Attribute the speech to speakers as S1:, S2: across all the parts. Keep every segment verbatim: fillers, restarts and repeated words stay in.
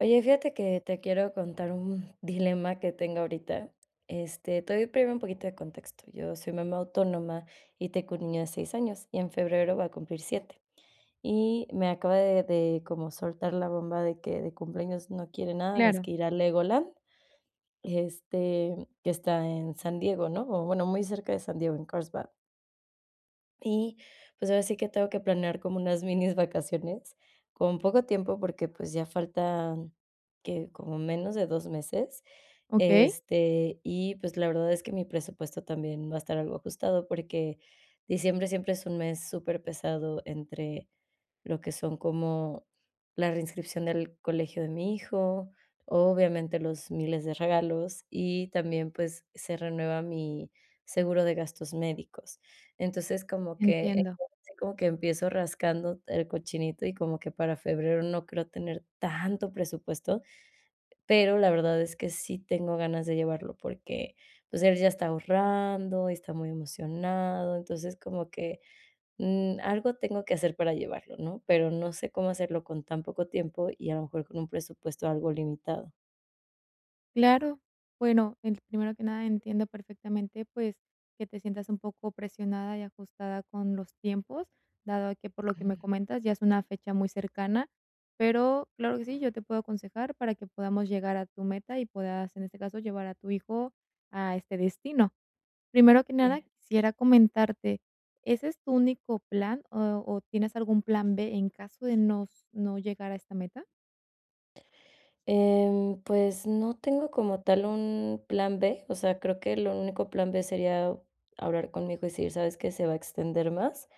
S1: Oye, fíjate que te quiero contar un dilema que tengo ahorita, este, te doy primero un poquito de contexto. Yo soy mamá autónoma, y tengo un niño de seis años, y en febrero va a cumplir siete. Y me acaba de de como soltar la bomba de que de cumpleaños no quiere nada más
S2: Claro.
S1: que ir a Legoland, este, que está en San Diego, ¿no?, o bueno, muy cerca de San Diego, en Carlsbad. Y, pues, ahora sí que tengo que planear como unas minis vacaciones, con poco tiempo, porque, pues, ya faltan, ¿qué?, como menos de dos meses,
S2: Okey.
S1: este, y, pues, la verdad es que mi presupuesto también va a estar algo ajustado, porque diciembre siempre es un mes superpesado entre lo que son como la reinscripción del colegio de mi hijo, obviamente, los miles de regalos, y también, pues se renueva mi seguro de gastos médicos. Entonces, como que,
S2: Entiendo.
S1: ahora sí como que empiezo rascando el cochinito y como que para febrero no creo tener tanto presupuesto, pero la verdad es que sí tengo ganas de llevarlo, porque, pues, él ya está ahorrando y está muy emocionado, entonces, como que, mm, algo tengo que hacer para llevarlo, ¿no? Pero no sé cómo hacerlo con tan poco tiempo, y a lo mejor, con un presupuesto algo limitado.
S2: Claro, bueno, eh, primero que nada entiendo perfectamente, pues, que te sientas un poco presionada y ajustada con los tiempos, dado a que, por lo que me comentas, ya es una fecha muy cercana. Pero, claro que sí, yo te puedo aconsejar para que podamos llegar a tu meta y puedas, en este caso, llevar a tu hijo a este destino. Primero que nada,
S1: Sí.
S2: quisiera comentarte, ¿ese es tu único plan, o o tienes algún plan B en caso de no no llegar a esta meta?
S1: Em, pues no tengo como tal un plan B, o sea, creo que lo único plan B sería hablar con mi hijo y decir: "¿Sabes qué?, se va a extender más",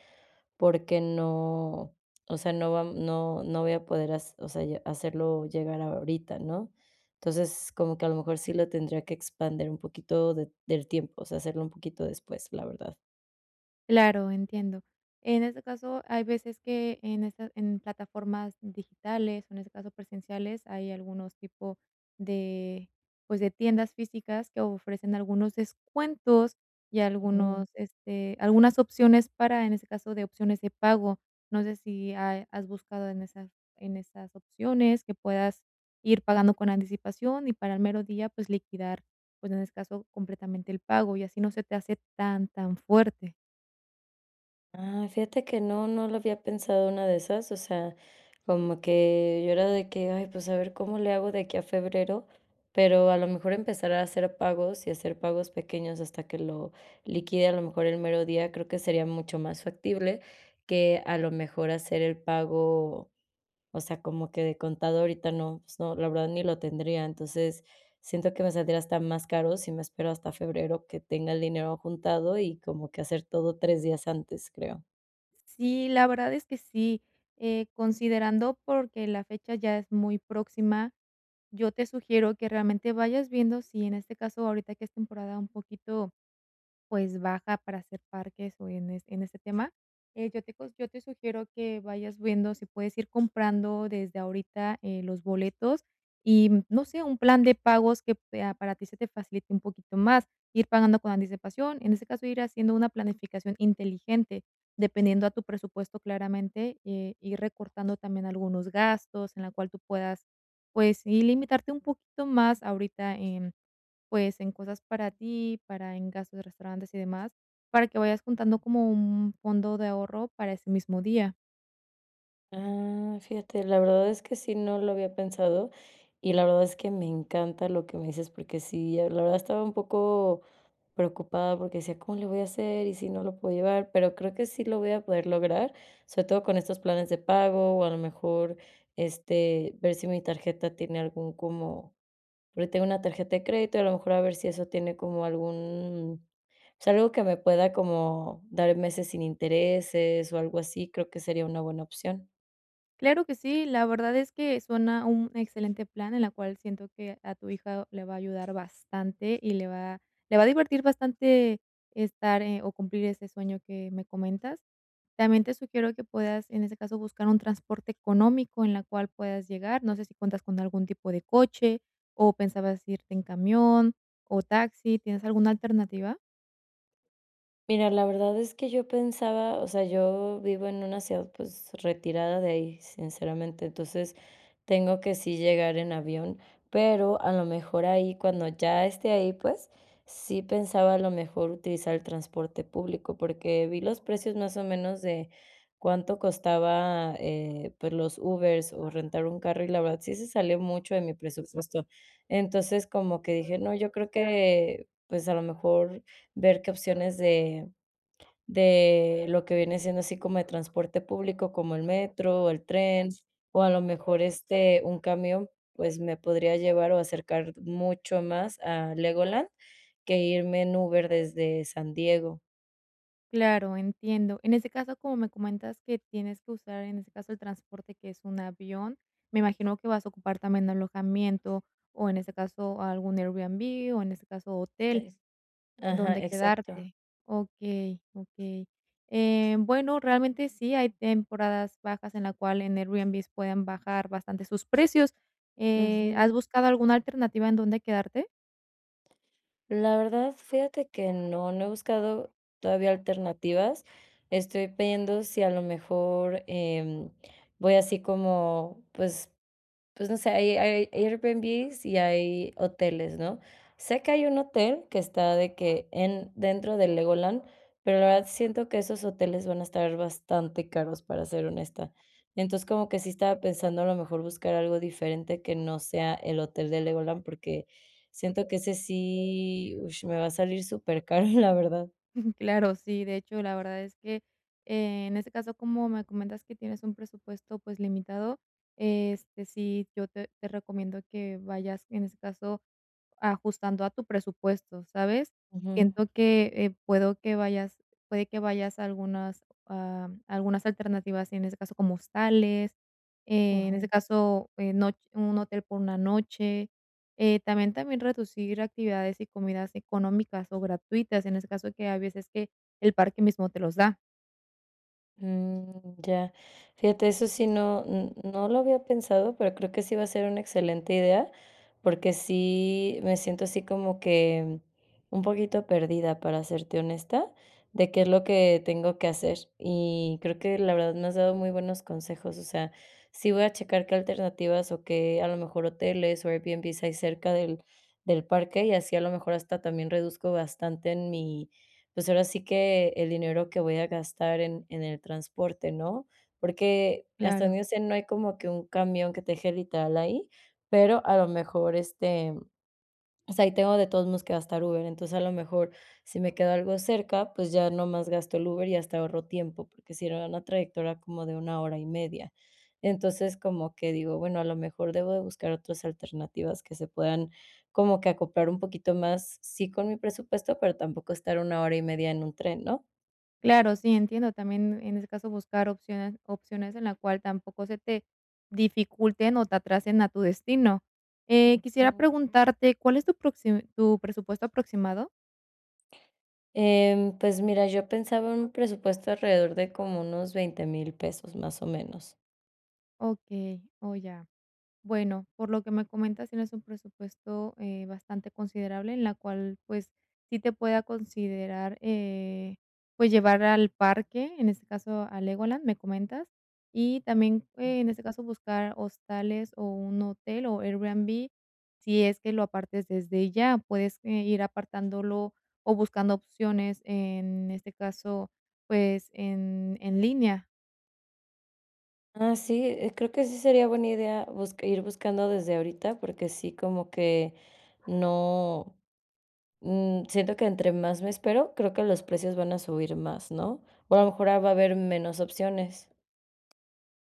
S1: porque no o sea, no vam no no voy a poder hac o sea ya hacerlo llegar ahorita, ¿no?, entonces, como que a lo mejor sí lo tendría que expandir un poquito de del tiempo, o sea, hacerlo un poquito después, la verdad.
S2: Claro, entiendo. En este caso, hay veces que en estas en plataformas digitales, o en este caso presenciales, hay algunos tipo de, pues de tiendas físicas que ofrecen algunos descuentos, y
S1: Ujú.
S2: algunos, este algunas opciones para, en ese caso, de opciones de pago. No sé si ha has buscado en esas en esas opciones, que puedas ir pagando con anticipación y para el mero día, pues liquidar, pues, en ese caso completamente el pago, y así no se te hace tan, tan fuerte.
S1: Ah, fíjate que no, no lo había pensado en una de esas, o sea, como que yo era de que: "Ay, pues, a ver cómo le hago de aquí a febrero", pero, a lo mejor, empezar a hacer pagos, y hacer pagos pequeños hasta que lo liquide, a lo mejor, el mero día, creo que sería mucho más factible que, a lo mejor, hacer el pago, o sea, como que de contado ahorita no, pues, no, la verdad ni lo tendría. Entonces, siento que me saldría hasta más caro si me espero hasta febrero que tenga el dinero juntado, y como que hacer todo tres días antes, creo.
S2: Sí, la verdad es que sí, eh, considerando porque la fecha ya es muy próxima, yo te sugiero que, realmente, vayas viendo si, en este caso, ahorita que es temporada un poquito, pues, baja para hacer parques o en es en este tema, eh, yo te cos yo te sugiero que vayas viendo si puedes ir comprando desde ahorita, eh, los boletos y, mm, no sé, un plan de pagos que pea para que se te facilite un poquito más ir pagando con anticipación, en ese caso, ir haciendo una planificación inteligente, dependiendo a tu presupuesto claramente, eh, ir recortando también algunos gastos en la cual tú puedas, pues, sí, limitarte un poquito más ahorita en, pues, en cosas para ti, para en gastos de restaurantes y demás, para que vayas juntando como un fondo de ahorro para ese mismo día.
S1: Ah, fíjate, la verdad es que sí, no lo había pensado, y la verdad es que me encanta lo que me dices, porque sí, eh, la verdad estaba un poco preocupada porque decía: "¿Cómo le voy a hacer? ¿Y si no lo puedo llevar?", pero creo que sí lo voy a poder lograr, sobre todo con estos planes de pago, o a lo mejor, este, ver si mi tarjeta tiene algún como porque tengo una tarjeta de crédito, y a lo mejor a ver si eso tiene como algún, pues algo que me pueda como dar meses sin intereses o algo así, creo que sería una buena opción.
S2: Claro que sí, la verdad es que suena un excelente plan, en la cual siento que a tu hijo le va a ayudar bastante y le va le va a divertir bastante estar e o cumplir ese sueño que me comentas. También te sugiero que puedas, en ese caso, buscar un transporte económico en la cual puedas llegar, no sé si cuentas con algún tipo de coche o pensabas irte en camión, o taxi, ¿tienes alguna alternativa?
S1: Mira, la verdad es que yo pensaba O sea, yo vivo en una ciudad, pues, retirada de ahí, sinceramente, entonces, tengo que sí llegar en avión, pero a lo mejor ahí Cuando ya esté ahí pues, sí pensaba a lo mejor utilizar el transporte público, porque vi los precios más o menos de cuánto costaba, eh, pues los Ubers o rentar un carro, y la verdad, sí se salió mucho de mi presupuesto. Entonces, como que dije: "No, yo creo que, pues, a lo mejor ver qué opciones de de lo que viene siendo así como de transporte público, como el metro o el tren, o a lo mejor, este, un camión, pues me podría llevar o acercar mucho más a Legoland, que irme en Uber desde San Diego".
S2: Claro, entiendo. En ese caso, como me comentas que tienes que usar, en ese caso, el transporte, que es un avión, me imagino que vas a ocupar también alojamiento, o en ese caso, algún Airbnb, o, en ese caso, hotel
S1: Es ajá,
S2: donde
S1: exacto.
S2: quedarte. Okey, okey. Eh, bueno, realmente, sí, hay temporadas bajas en la cual en Airbnb pueden bajar bastante sus precios. Eh, ¿has
S1: Ujú.
S2: buscado alguna alternativa en donde quedarte?
S1: La verdad, fíjate que no, no he buscado todavía alternativas, estoy viendo si a lo mejor, em, voy así como, pues pues, no sé, ai air eirbianbis y hay hoteles, ¿no? Sé que hay un hotel que está de que en dentro de Legoland, pero la verdad siento que esos hoteles van a estar bastante caros, para ser honesta. Entonces, como que sí estaba pensando, a lo mejor buscar algo diferente que no sea el hotel de Legoland, porque siento que ese sí, ush, me va a salir supercaro, la verdad.
S2: Claro, sí. De hecho, la verdad es que, en ese caso, como me comentas que tienes un presupuesto, pues, limitado, este, sí, yo te te recomiendo que vayas, en ese caso, ajustando a tu presupuesto, ¿sabes?
S1: Ujú.
S2: Siento que, eh, puedo que vayas puede que vayas algunas ah, algunas, am, alternativas, en ese caso, como hostales, en ese
S1: Ujú.
S2: caso, en noch un hotel por una noche. Eh, también también reducir actividades y comidas económicas, o gratuitas, en ese caso, que hay veces que el parque mismo te los da.
S1: Mm, ya. Fíjate, eso sí no n no lo había pensado, pero creo que sí va a ser una excelente idea, porque sí, me siento, así como que un poquito perdida, para serte honesta, de qué es lo que tengo que hacer, y creo que la verdad me has dado muy buenos consejos, o sea, sí voy a checar qué alternativas, o qué a lo mejor, hoteles o eirbianbis hay cerca del del parque, y así, a lo mejor, hasta también reduzco bastante en mi pues, ahora sí que el dinero que voy a gastar en en el transporte, ¿no? Porque hasta
S2: Claro.
S1: donde yo sé, no hay como que un camión que te deje literal ahí, pero a lo mejor, este, mm O sea, y tengo de todos modos que gastar Uber, entonces, a lo mejor, si me queda algo cerca, pues, ya nomás gasto el Uber y hasta ahorro tiempo, porque sería una trayectoria como de una hora y media. Entonces, como que digo, bueno, a lo mejor, debo de buscar otras alternativas que se puedan como que acoplar un poquito más, sí, con mi presupuesto, pero tampoco estar una hora y media en un tren, ¿no?
S2: Claro, sí, entiendo también, en ese caso, buscar opciones opciones, en la cual, tampoco se te dificulten o te atrasen a tu destino. Eh, quisiera
S1: Ujú.
S2: preguntarte, ¿cuál es tu proxi tu presupuesto aproximado?
S1: Em, pues mira, yo pensaba un presupuesto alrededor de como unos veinte mil pesos, más o menos.
S2: Okey, oh, ya. Bueno, por lo que me comentas, tienes un presupuesto, eh, bastante considerable, en la cual, pues, sí te pueda considerar, eh, pues, llevar al parque, en este caso, a Legoland, me comentas. Y también, en
S1: Ujú.
S2: este caso, buscar hostales o un hotel o Airbnb, si es que lo apartes desde ya, puedes, eh, ir apartándolo o buscando opciones en este caso, pues, en en línea.
S1: Ah, sí, eh, creo que sí sería buena idea busc ir buscando desde ahorita, porque sí, como que no mm, siento que entre más me espero, creo que los precios van a subir más, ¿no?, o a lo mejor ah va a haber menos opciones.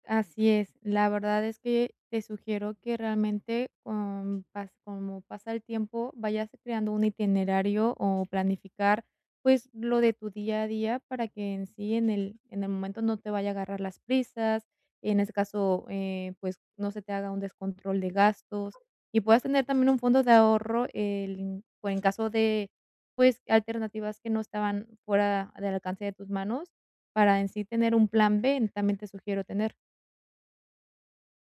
S2: Así es, la verdad es que te sugiero que, realmente, com pas como pasa el tiempo, vayas creando un itinerario o planificar, pues lo de tu día a día, para que en sí en el en el momento no te vaya a agarrar las prisas, y en ese caso, eh, pues no se te haga un descontrol de gastos, y puedas tener también un fondo de ahorro, el m por en caso de pues alternativas que no estaban fuera del alcance de tus manos, para en sí tener un plan B, también te sugiero tener.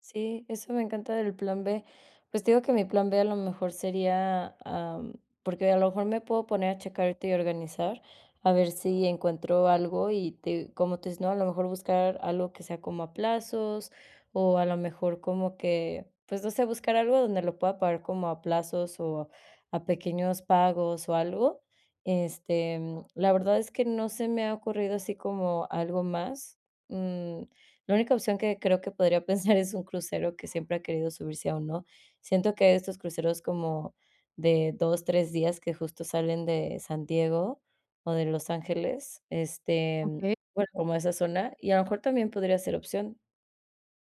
S1: Sí, eso me encanta del plan B, pues, te digo que mi plan B, a lo mejor, sería, am, porque, a lo mejor, me puedo poner a checar ahorita y organizar, a ver si encuentro algo y te cómo tú dices, ¿no?, a lo mejor, buscar algo que sea como a plazos, o a lo mejor, como que, pues, no sé, buscar algo donde lo pueda pagar como a plazos o a pequeños pagos o algo. Este, mm, la verdad, es que no se me ha ocurrido así como algo más, mm, la única opción que creo que podría pensar es un crucero, que siempre ha querido subirse a uno, siento que hay estos cruceros como de dos, tres días que, justo, salen de San Diego o de Los Ángeles, este,
S2: Okey.
S1: bueno, como esa zona, y a lo mejor, también podría ser opción.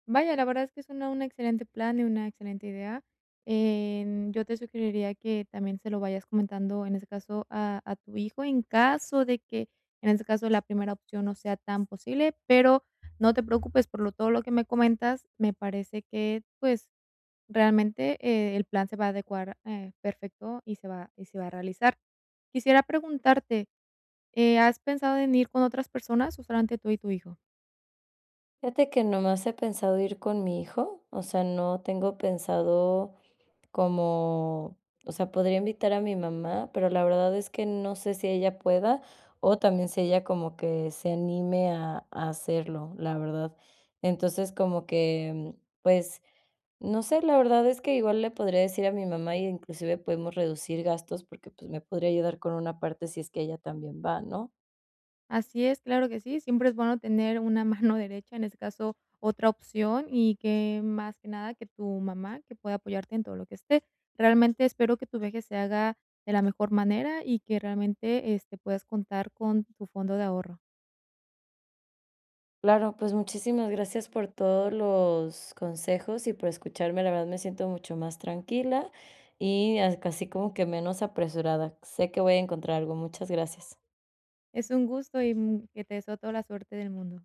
S2: Vaya, la verdad es que suena un excelente plan y una excelente idea. Em, yo te sugeriría que también se lo vayas comentando, en ese caso, a a tu hijo, en caso de que, en este caso, la primera opción no sea tan posible, pero no te preocupes por lo todo lo que me comentas, me parece que, pues, realmente, eh, el plan se va a adecuar, eh, perfecto y se va y se va a realizar. Quisiera preguntarte, eh, ¿has pensado en ir con otras personas, o solamente tú y tu hijo?
S1: Fíjate que nomás he pensado ir con mi hijo, o sea, no tengo pensado como o sea, podría invitar a mi mamá, pero la verdad es que no sé si ella pueda, o también si ella como que se anime a a hacerlo, la verdad. Entonces, como que, mm, pues, no sé, la verdad es que igual le podría decir a mi mamá y, inclusive, podemos reducir gastos porque, pues, me podría ayudar con una parte si es que ella también va, ¿no?
S2: Así es, claro que sí, siempre es bueno tener una mano derecha, en ese caso, otra opción, y que, más que nada, que tu mamá, que pueda apoyarte en todo lo que esté. Realmente, espero que tu viaje se haga de la mejor manera, y que realmente, este, puedas contar con tu fondo de ahorro.
S1: Claro, pues muchísimas gracias por todos los consejos y por escucharme. La verdad me siento mucho más tranquila, y as c así como que menos apresurada, sé que voy a encontrar algo, muchas gracias.
S2: Es un gusto y mm que te deseo toda la suerte del mundo.